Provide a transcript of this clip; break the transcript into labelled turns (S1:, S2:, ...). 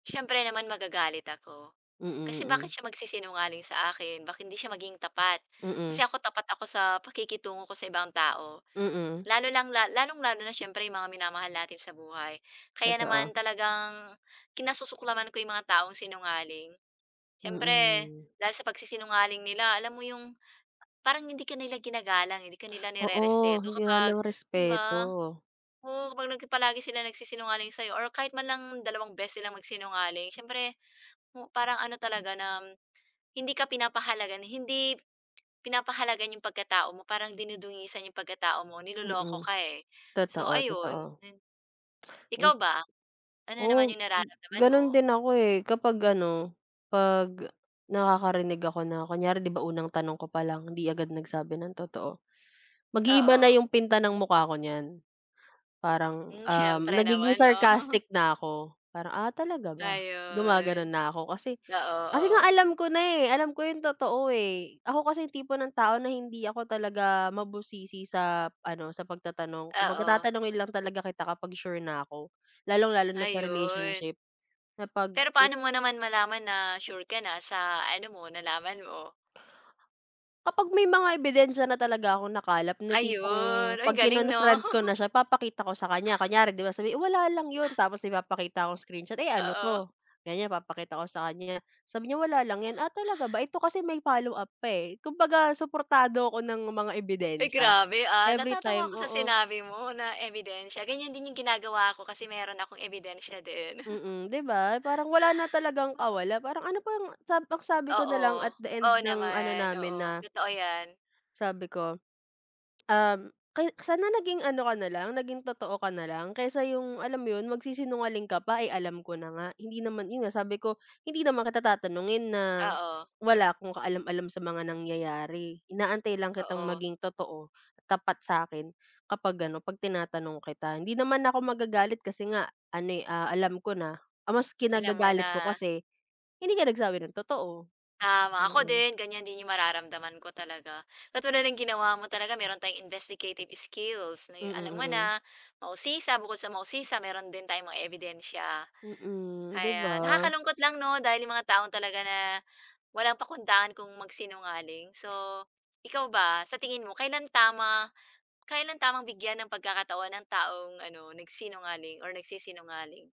S1: Siyempre naman magagalit ako,
S2: Mm,
S1: kasi
S2: mm.
S1: bakit siya magsisinungaling sa akin bakit hindi siya maging tapat.
S2: Mm.
S1: Kasi ako tapat ako sa pakikitungo ko sa ibang tao,
S2: Mm.
S1: lalo lang lalong-lalo na siyempre yung mga minamahal natin sa buhay, kaya
S2: Totoo.
S1: naman talagang kinasusuklaman ko yung mga taong sinungaling. Siyempre
S2: Mm.
S1: dahil sa pagsisinungaling nila alam mo yung parang hindi ka nila ginagalang eh, hindi ka nila
S2: Oo,
S1: nirerespeto
S2: hindi nga
S1: kapag, 'di
S2: nangrespeto.
S1: ba? Oo, kapag palagi silang nagsisinungaling sa'yo or kahit man lang dalawang beses silang magsinungaling, siyempre o parang ano talaga na hindi ka pinapahalagahan, hindi pinapahalagahan yung pagkatao mo, parang dinudungisan yung pagkatao mo, niloloko
S2: Mm,
S1: ka eh, so
S2: totoo,
S1: ayun,
S2: totoo.
S1: din.
S2: Hin
S1: Ikaw ba, ano naman
S2: Oo,
S1: yung nararamdaman
S2: gano'n
S1: mo?
S2: din ako eh kapag ano, 'pag nakakarinig ako na kunyari, 'di ba, unang tanong ko pa lang hindi agad nagsabi ng totoo, mag-iiba na
S1: Oo.
S2: yung pinta ng mukha ko niyan. Parang,
S1: Hmm,
S2: um,
S1: siyempre
S2: nagiging
S1: naman, 'no?
S2: sarcastic na ako, parang, "Ah, talaga ba?" Gumagano'n
S1: Ayon,
S2: na ako kasi
S1: oo,
S2: kasi nga
S1: oo.
S2: alam ko na eh, alam ko yung totoo eh. Ako kasi yung tipo ng tao na hindi ako talaga mabusisi sa ano sa pagtatanong. Kumbaga
S1: Oo.
S2: tatanungin lang talaga kita kapag sure na ako, lalong-lalo na sa
S1: Ayun.
S2: relationship na 'pag
S1: Pero
S2: wit
S1: paano mo naman malaman na sure ka na sa ano mo, nalaman mo?
S2: Kapag may mga ebidensiya na talaga akong nakalap ng tipong
S1: Ayun, ay
S2: 'pag
S1: galing, 'no?
S2: kinonfront ko na siya papakita ko sa kanya, kunyari 'di ba, sabi "Wala lang 'yon." Tapos ipapakita kong screenshot, "Eh ano
S1: Oo.
S2: 'to?" Ganiyan papakita ko sa kanya yan, sabi niya, "Wala lang 'yan." "Ah, talaga ba? Ito kasi may follow-up pa eh." Kumbaga suportado ako ng mga
S1: Uy,
S2: ebidensya.
S1: grabe, ah, natatawa
S2: Everytime,
S1: ako sa
S2: oo.
S1: sinabi mo na ebidensiya. Ganiyan din yung ginagawa ko kasi meron akong ebidensiya din.
S2: Mm, 'di ba, parang wala na talagang
S1: Oo.
S2: kawala. Parang ano pang sab magsabi ka nalang at
S1: Oo,
S2: the
S1: oo
S2: end ng ano
S1: naman.
S2: namin
S1: Oo,
S2: na
S1: totoo 'yan.
S2: Sabi ko, "Um, kay sana naging ano ka na lang, naging totoo ka na lang kaysa yung," alam mo yun, "magsisinungaling ka pa, eh, alam ko na nga. Hindi naman," yun nga, sabi ko, "Hindi naman kita tatanungin na
S1: Oo.
S2: wala akong kaalam-alam sa mga nangyayari, inaantay lang kitang
S1: Oo.
S2: maging totoo, tapat sa akin, kapag ano 'pag tinatanong kita hindi naman ako magagalit kasi nga ano eh, ah, alam ko na. Ang mas
S1: Alam mo
S2: kinagagalit ko
S1: na.
S2: kasi hindi ka nagsabi ng totoo."
S1: Tama, ako
S2: Mm.
S1: din ganiyan din yung mararamdaman ko talaga. Katulad ng ginawa mo talaga meron tayong investigative skills na
S2: Mm,
S1: yung, alam mo
S2: mm.
S1: na, mausisa bukod sa mausisa meron din tayong mga ebidensiya,
S2: Mm, di ba?
S1: ayan. Nakakalungkot lang 'no dahil yung mga tao talaga na walang pakundangan kung magsinungaling. So, ikaw ba, sa tingin mo, kailan tama kailan tamang bigyan ng pagkakataon ang taong ano, nagsinungaling or nagsisinungaling?